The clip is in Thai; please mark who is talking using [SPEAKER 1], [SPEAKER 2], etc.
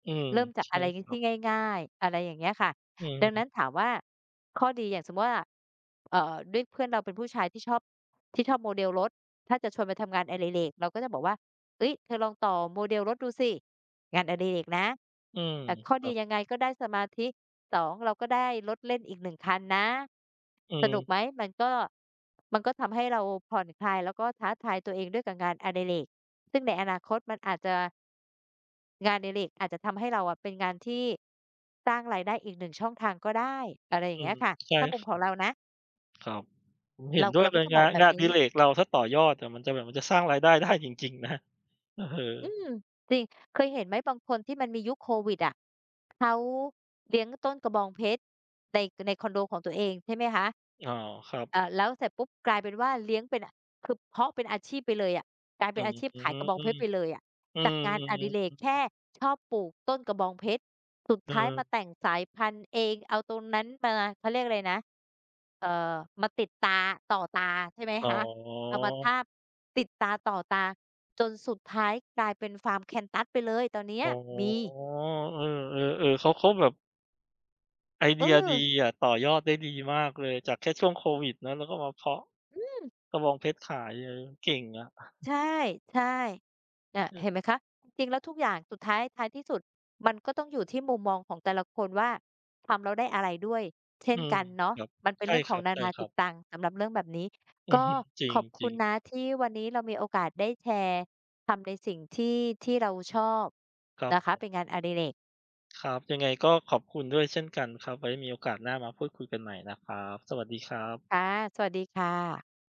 [SPEAKER 1] อืม
[SPEAKER 2] เริ่มจาก
[SPEAKER 1] ใช
[SPEAKER 2] อ
[SPEAKER 1] ่
[SPEAKER 2] ะไรน
[SPEAKER 1] ค
[SPEAKER 2] ี้
[SPEAKER 1] รั
[SPEAKER 2] ที
[SPEAKER 1] บ
[SPEAKER 2] ่ง่าย ๆ อะไรอย่างเงี้ยค่ะ
[SPEAKER 1] อื
[SPEAKER 2] ดังนั
[SPEAKER 1] ม
[SPEAKER 2] ้นถามว่า ข้อดีอย่างสมมุติว่า เอ่อ ด้วยเพื่อนเราเป็นผู้ชายที่ชอบ ที่ชอบโมเดลรถ ถ้าจะชวนไปทำงานอดิเรก เราก็จะบอกว่า "เฮ้ย เธอลองต่อโมเดลรถดูสิ งานอดิเรกนะ"
[SPEAKER 1] อืม
[SPEAKER 2] อะ ข้อ
[SPEAKER 1] คร
[SPEAKER 2] ด
[SPEAKER 1] ั
[SPEAKER 2] ี
[SPEAKER 1] บ
[SPEAKER 2] ยังไง? ก็ได้สมาธิ 2 เราก็ได้รถเล่นอีก 1 คันนะ
[SPEAKER 1] อื
[SPEAKER 2] สนุ
[SPEAKER 1] ม
[SPEAKER 2] กไหม? มันก็ มันก็ทำให้เราผ่อนคลาย แล้วก็ท้าทายตัวเองด้วยกับงานอดิเรก ซึ่งในอนาคตมันอาจจะ งานอดิเรกอาจจะทำให้เราอะเป็นงานที่ สร้างรายได้อีก 1 ช่องทางก็ได้ อะไรอย
[SPEAKER 1] อ
[SPEAKER 2] ่า
[SPEAKER 1] ื
[SPEAKER 2] งเงี้
[SPEAKER 1] ม
[SPEAKER 2] ยค่ะ
[SPEAKER 1] ใช่
[SPEAKER 2] ถ้าม
[SPEAKER 1] ค
[SPEAKER 2] ุ
[SPEAKER 1] ร
[SPEAKER 2] ม
[SPEAKER 1] ั
[SPEAKER 2] ข
[SPEAKER 1] บ
[SPEAKER 2] องเรานะ
[SPEAKER 1] ครับ ผมเห
[SPEAKER 2] เ
[SPEAKER 1] ็
[SPEAKER 2] ร
[SPEAKER 1] น
[SPEAKER 2] า
[SPEAKER 1] ด้ว
[SPEAKER 2] เร
[SPEAKER 1] ย
[SPEAKER 2] า
[SPEAKER 1] เล
[SPEAKER 2] ก็
[SPEAKER 1] ย
[SPEAKER 2] จะ
[SPEAKER 1] ง
[SPEAKER 2] บ
[SPEAKER 1] า
[SPEAKER 2] อก
[SPEAKER 1] น
[SPEAKER 2] แบ
[SPEAKER 1] ง
[SPEAKER 2] บ
[SPEAKER 1] านอ
[SPEAKER 2] นี
[SPEAKER 1] ดิ
[SPEAKER 2] ้
[SPEAKER 1] เรกเราก็ต่อยอดอะ มันจะแบบ มันจะสร้างรายได้ ได้ จริง ๆ นะ เออ
[SPEAKER 2] อืม จริง เคยเห็นไหม บางคนที่มันมียุคโควิดอะ เขาเลี้ยงต้นกระบองเพชร ใน ในคอนโดของตัวเอง ใช่ไหมคะ?
[SPEAKER 1] อ๋อ ครับ
[SPEAKER 2] อ่า แล้วเสร็จปุ๊บ กลายเป็นว่า เลี้ยงเป็นน่ะ คือเพาะเป็นอาชีพไปเลยอะ กลายเป
[SPEAKER 1] อื
[SPEAKER 2] ็นอ
[SPEAKER 1] ม
[SPEAKER 2] าชีพ
[SPEAKER 1] อือ
[SPEAKER 2] ขาย
[SPEAKER 1] ฮึ
[SPEAKER 2] กระบองเพชรไปเลยอะ
[SPEAKER 1] อื
[SPEAKER 2] จา
[SPEAKER 1] ม
[SPEAKER 2] กงาน
[SPEAKER 1] อื
[SPEAKER 2] อ
[SPEAKER 1] ม
[SPEAKER 2] ดิ
[SPEAKER 1] ๆ ๆ
[SPEAKER 2] เรกแค่ชอบปลูกต้นกระบองเพชร สุด
[SPEAKER 1] เ
[SPEAKER 2] ท้ายม
[SPEAKER 1] ออ
[SPEAKER 2] าแต่งสายพันธุ์เอง เอาตรงนั้นมา เขาเรียกอะไรนะ เอ่อ มาติดตา ต่อตา ใช่ไหม
[SPEAKER 1] อ๋
[SPEAKER 2] ค
[SPEAKER 1] อ
[SPEAKER 2] ะ? เอามาทาบ ติดตาต่อตา จนสุดท้ายกลายเป็นฟาร์มแคกตัสไปเลย ตอนเนี้
[SPEAKER 1] อ
[SPEAKER 2] ย
[SPEAKER 1] ๋อ
[SPEAKER 2] มี
[SPEAKER 1] เออ ๆ ๆ เขา เขาแบบ ไอ
[SPEAKER 2] เ
[SPEAKER 1] เดียดี
[SPEAKER 2] ออ
[SPEAKER 1] อะ ต่อยอดได้ดีมากเลย จากแค่ช่วงโควิดเนาะ แล้วก็มาเพาะ
[SPEAKER 2] อืม
[SPEAKER 1] กระบองเพชรขายเอย เก่งอะ
[SPEAKER 2] ใช่ ใช่ น่ะ
[SPEAKER 1] เอ
[SPEAKER 2] เ
[SPEAKER 1] อ
[SPEAKER 2] ห็นไหมคะ? จริงแล้วทุกอย่างสุดท้าย ท้ายที่สุด มันก็ต้องอยู่ที่มุมมองของแต่ละคนว่า ทำแล้วได้อะไรด้วยเช่
[SPEAKER 1] อื
[SPEAKER 2] น
[SPEAKER 1] ม
[SPEAKER 2] กันเนาะ
[SPEAKER 1] ครับ
[SPEAKER 2] มันเป็น
[SPEAKER 1] ใช
[SPEAKER 2] เ
[SPEAKER 1] ่
[SPEAKER 2] รื่องข
[SPEAKER 1] ค
[SPEAKER 2] อ
[SPEAKER 1] ร
[SPEAKER 2] งนานาจ
[SPEAKER 1] ั
[SPEAKER 2] ิต
[SPEAKER 1] บ ๆ
[SPEAKER 2] ตังสำหรับเรื่องแบบนี้
[SPEAKER 1] อื
[SPEAKER 2] ก
[SPEAKER 1] อ
[SPEAKER 2] ็
[SPEAKER 1] ฮึ จริ
[SPEAKER 2] ข
[SPEAKER 1] ง
[SPEAKER 2] อบ
[SPEAKER 1] จ
[SPEAKER 2] ค
[SPEAKER 1] ร
[SPEAKER 2] ุ
[SPEAKER 1] ิ
[SPEAKER 2] ณ
[SPEAKER 1] ง
[SPEAKER 2] นะ ที่วันนี้เรามีโอกาสได้แชร์ ทำในสิ่งที่ ที่เราชอบ
[SPEAKER 1] ครับ
[SPEAKER 2] นะค
[SPEAKER 1] ผ
[SPEAKER 2] ะ
[SPEAKER 1] ม
[SPEAKER 2] เป็นงานอดิเรก
[SPEAKER 1] ครับ ยังไงก็ขอบคุณด้วยเช่นกันครับ ไว้มีโอกาสหน้ามาพูดคุยกันใหม่นะครับ สวัสดีครับ
[SPEAKER 2] ค่ะ สวัสดีค่ะ